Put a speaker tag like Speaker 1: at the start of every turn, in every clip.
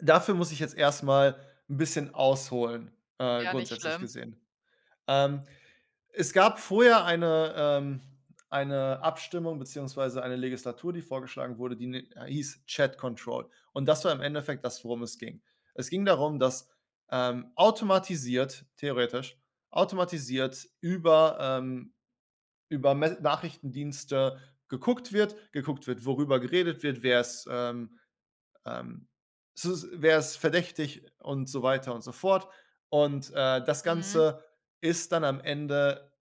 Speaker 1: Dafür muss ich jetzt erst mal 'n bisschen ausholen, äh,
Speaker 2: Ja, nicht
Speaker 1: grundsätzlich
Speaker 2: schlimm.
Speaker 1: gesehen. Ähm, es gab vorher eine ähm, eine Abstimmung beziehungsweise eine Legislatur, die vorgeschlagen wurde, die ni äh, hieß „Chat Control.“ Und das war im Endeffekt das, worum es ging. Es ging darum, dass, ähm, automatisiert- theoretisch- automatisiert über, ähm über Messe Nachrichtendienste geguckt wird. Geguckt wird, worüber geredet wird, wer ist, ähm ähm, sus wer ist verdächtig und so weiter und so fort. Und, äh, das
Speaker 2: Mhm.
Speaker 1: Ganze ist dann am Ende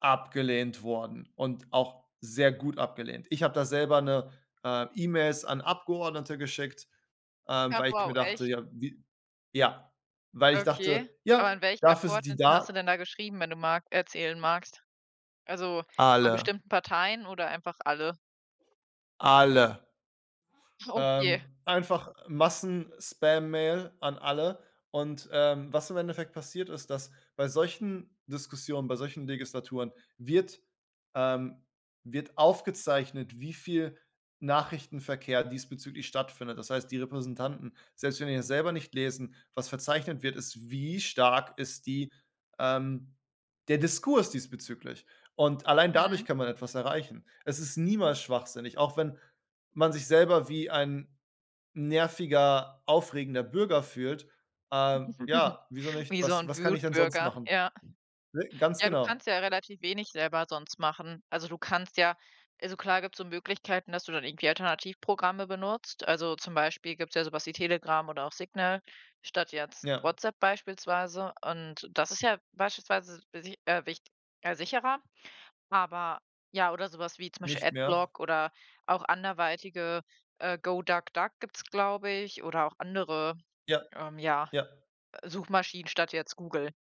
Speaker 1: abgelehnt worden und auch sehr gut abgelehnt. Ich hab da selber 'ne äh, E-Mails an Abgeordnete geschickt, ähm,
Speaker 2: Ach
Speaker 1: weil ich
Speaker 2: wow,
Speaker 1: mir dachte:
Speaker 2: echt?
Speaker 1: „Ja, wie“ Ja, weil ich
Speaker 2: Okay.
Speaker 1: dachte:
Speaker 2: Aber
Speaker 1: „Ja,
Speaker 2: an welchen
Speaker 1: dafür sind die
Speaker 2: Abgeordneten hast du
Speaker 1: da.“
Speaker 2: denn da geschrieben, wenn du mag erzählen magst? Also, von
Speaker 1: Alle.
Speaker 2: bestimmten Parteien oder einfach alle?
Speaker 1: Alle. Ähm,
Speaker 2: Okay.
Speaker 1: einfach Massenspammail an alle. Und, ähm, was im Endeffekt passiert ist, dass bei solchen Diskussionen, bei solchen Legislaturen wird ähm, wird aufgezeichnet, wie viel Nachrichtenverkehr diesbezüglich stattfindet. Das heißt, die Repräsentanten, selbst wenn die das selber nicht lesen was verzeichnet wird, ist: Wie stark ist die ähm, der Diskurs diesbezüglich? Und allein dadurch
Speaker 2: Mhm.
Speaker 1: kann man etwas erreichen. Es ist niemals schwachsinnig, auch wenn man sich selber wie ein nerviger, aufregender Bürger fühlt. Ähm, ja, wieso nicht?
Speaker 2: Wie so
Speaker 1: Was
Speaker 2: 'n
Speaker 1: was kann ich denn sonst
Speaker 2: Wutbürger.
Speaker 1: machen
Speaker 2: Ja.
Speaker 1: Ne, ganz
Speaker 2: Ja, du
Speaker 1: genau.
Speaker 2: kannst ja relativ wenig selber sonst machen. Also, du kannst ja also, klar gibt's so Möglichkeiten, dass du dann irgendwie Alternativprogramme benutzt. Also, zum Beispiel gibt's ja sowas wie Telegram oder auch Signal statt jetzt
Speaker 1: Ja.
Speaker 2: WhatsApp beispielsweise, und das ist ja beispielsweise e si äh, wich äh, sicherer. Aber, ja oder sowas wie zum Beispiel
Speaker 1: Nicht mehr.
Speaker 2: Adblock oder auch anderweitige, äh, GoDuckDuck gibt es, glaube ich, oder auch andere,
Speaker 1: Ja
Speaker 2: ähm, ja,
Speaker 1: ja.
Speaker 2: Suchmaschinen statt jetzt Google.